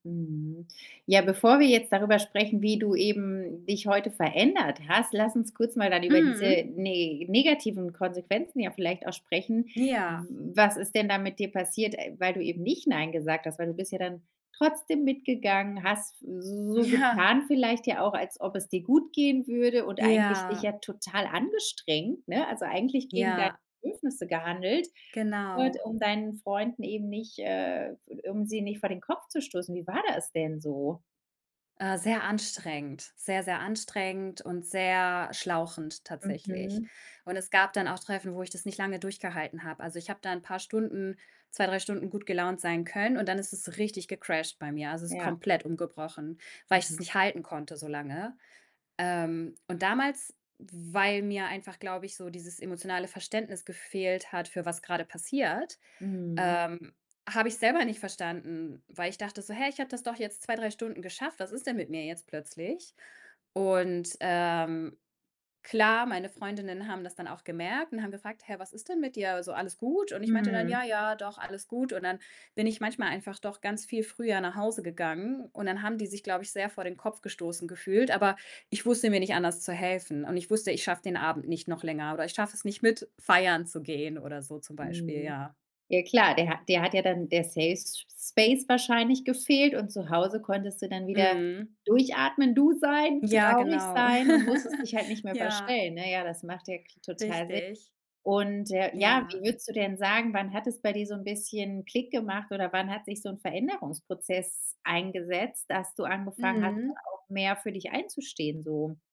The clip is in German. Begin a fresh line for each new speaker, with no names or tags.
Mhm. Ja, bevor wir jetzt darüber sprechen, wie du eben dich heute verändert hast, lass uns kurz mal dann über diese
Mhm.
ne negativen Konsequenzen ja vielleicht auch sprechen.
Ja.
W was ist denn da mit dir passiert, äh, weil du eben nicht „Nein“ gesagt hast? Weil du bist ja dann trotzdem mitgegangen, hast so
Ja.
getan vielleicht ja auch, als ob es dir gut gehen würde, und eigentlich dich ja
Ja.
total angestrengt, ne? Also, eigentlich gegen deine
Ja.
Bedürfnisse gehandelt, nur halt
Genau.
um deinen Freunden eben nicht, äh, f um sie nicht vor den Kopf zu stoßen. Wie war das denn so?
Äh, sehr anstrengend, sehr, sehr anstrengend und sehr schlauchend tatsächlich.
Mhm.
Und es gab dann auch Treffen, wo ich das nicht lange durchgehalten habe. Also, ich habe da 'n paar Stunden 2, 3 Stunden gut gelaunt sein können und dann ist es richtig gecrasht bei mir. Also, es ist
Ja.
komplett umgebrochen, weil ich das
Mhm.
nicht halten konnte so lange. Ähm, und damals, weil mir einfach, glaube ich, so dieses emotionale Verständnis gefehlt hat, für was grade passiert,
Mhm.
ähm, habe ich's selber nicht verstanden, weil ich dachte so: „Hä, ich habe das doch jetzt 2, 3 Stunden geschafft. Was ist denn mit mir jetzt plötzlich?“ Und, ähm, klar, meine Freundinnen haben das dann auch gemerkt und haben gefragt: „Hä, was ist denn mit dir? Also, alles gut?“ Und ich meinte dann:
Mhm.
„Ja, ja, doch, alles gut.“ Und dann bin ich manchmal einfach doch ganz viel früher nach Hause gegangen. Und dann haben die sich, glaube ich, sehr vor den Kopf gestoßen gefühlt, aber ich wusste mir nicht anders zu helfen. Und ich wusste, ich schaffe den Abend nicht noch länger oder ich schaffe es nicht, mit feiern zu gehen oder so zum Beispiel,
Mhm.
ja.
Ja klar, dir ha dir hat ja dann der Safe S Space wahrscheinlich gefehlt und zu Hause konntest du dann wieder
Mhm.
durchatmen, du sein,
Ja,
traurig
genau.
sein und musstest dich halt nicht mehr
Ja.
verstellen, ne? Ja, das macht ja k total Sinn.
Richtig.
Und, äh, ja, wie
Ja.
würdest du denn sagen, wann hat es bei dir so 'n bisschen Klick gemacht oder wann hat sich so 'n Veränderungsprozess eingesetzt, dass du angefangen hast, dann
Mhm.
auch mehr für dich einzustehen so?